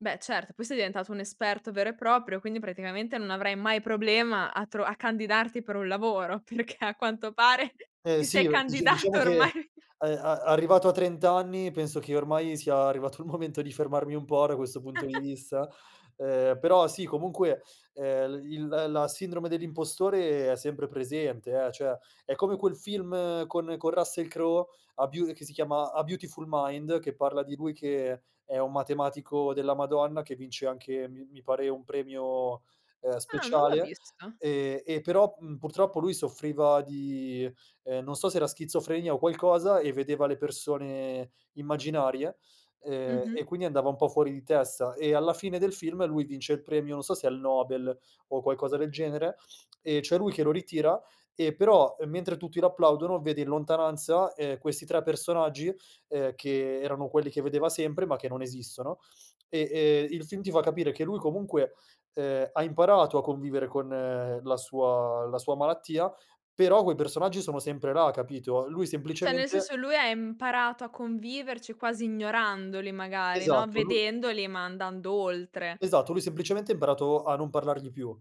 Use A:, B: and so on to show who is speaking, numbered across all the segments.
A: Beh certo, poi sei diventato un esperto vero e proprio, quindi praticamente non avrai mai problema a tro a candidarti per un lavoro, perché a quanto pare
B: Eh
A: ti sei
B: sì, uhm, dici diciamo
A: candidato
B: che ehm,
A: ormai
B: a a arrivato a 30 anni penso che ormai sia arrivato il momento di fermarmi un po' da questo punto di vista, ehm, però sì comunque, ehm, i il l la sindrome dell'impostore è sempre presente eh; cioè, è come quel film con con Russell Crowe a beau che si chiama A Beautiful Mind, che parla di lui che è un matematico della madonna, che vince anche, mi mi pare, un premio, ehm,
A: Ah non l'ho
B: speciale,
A: visto.
B: e e però, mhmm, purtroppo lui soffriva di, ehm, non so, se era schizofrenia o qualcosa e vedeva le persone immaginarie, ehm, e
A: Mh-mh.
B: quindi andava un po' fuori di testa; e alla fine del film lui vince il premio, non so se è il Nobel o qualcosa del genere, e c'è lui che lo ritira, e però, mentre tutti lo applaudono, vede in lontananza, ehm, questi 3 personaggi, ehm, che erano quelli che vedeva sempre, ma che non esistono e, ehm, il film ti fa capire che lui comunque, ehm, ha imparato a convivere con la sua la sua malattia, però quei personaggi sono sempre là capito? Lui
A: Cioè nel
B: semplicemente
A: senso lui ha imparato a conviverci quasi ignorandoli magari, no,
B: Esatto, lu
A: vedendoli ma andando oltre.
B: Esatto, lui semplicemente ha imparato a non parlargli più.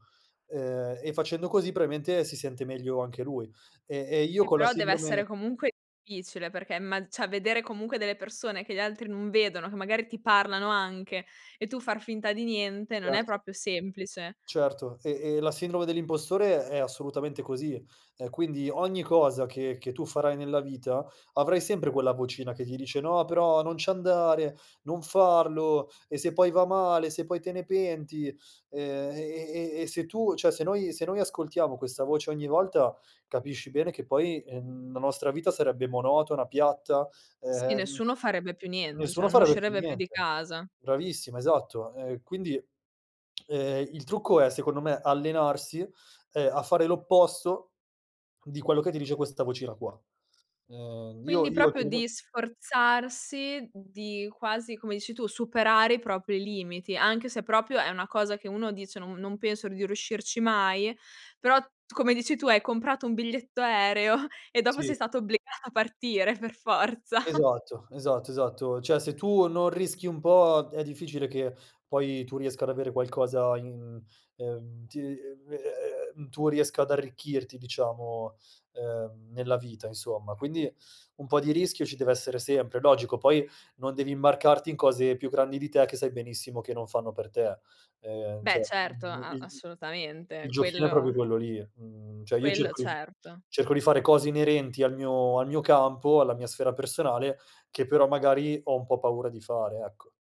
B: Ehm, e facendo così probabilmente si sente meglio anche lui. Ehm, e io
A: Eh
B: con la
A: però deve essere
B: sindrome
A: comunque difficile, perché imma cioè vedere comunque delle persone che gli altri non vedono, che magari ti parlano anche e tu far finta di niente, non è
B: Certo.
A: proprio semplice.
B: Certo, e e la sindrome dell'impostore è assolutamente così. Ehm, quindi ogni cosa che che tu farai nella vita, avrai sempre quella vocina che ti dice: "No però non ci andare, non farlo e se poi va male, se poi te ne penti?" Ehm, e e e e se tu cioè se noi se noi ascoltiamo questa voce ogni volta, capisci bene che poi, ehm, la nostra vita sarebbe monotona, piatta, e
A: Sì,
B: ehm,
A: nessuno farebbe più niente, cioè
B: nessuno
A: non
B: farebbe più
A: uscirebbe più di
B: niente.
A: casa.
B: Bravissima, esatto. Ehm, quindi, ehm, il trucco è secondo me, allenarsi, ehm, a fare l'opposto di quello che ti dice questa vocina qua. Ehm, io
A: Quindi
B: io e
A: proprio
B: comunque
A: di sforzarsi di quasi, come dici tu, superare i propri limiti anche se proprio è una cosa che uno dice: "Non non penso di riuscirci mai"; però, t come dici tu hai comprato un biglietto aereo e dopo sei
B: Sì.
A: stata obbligata a partire per forza.
B: Esatto, esatto, esatto. Cioè se tu non rischi un po' è difficile che poi tu riesca ad avere qualcosa in ehm, ti ehm ehm ehm ehm, tu riesca ad arricchirti diciamo, ehm, nella vita, insomma. Quindi, un po' di rischio ci deve essere sempre, logico, poi non devi marcarti in cose più grandi di te, che sai benissimo che non fanno per te. Ehm,
A: Beh
B: cioè
A: certo,
B: mh mhmm, il
A: a
B: il
A: assolutamente,
B: il giochino è proprio
A: quello
B: quello lì. Mhmm, cioè, io
A: quello
B: cerco di f
A: certo.
B: cerco di fare cose inerenti al mio al mio campo, alla mia sfera personale, che però magari ho un po' paura di fare, ecco.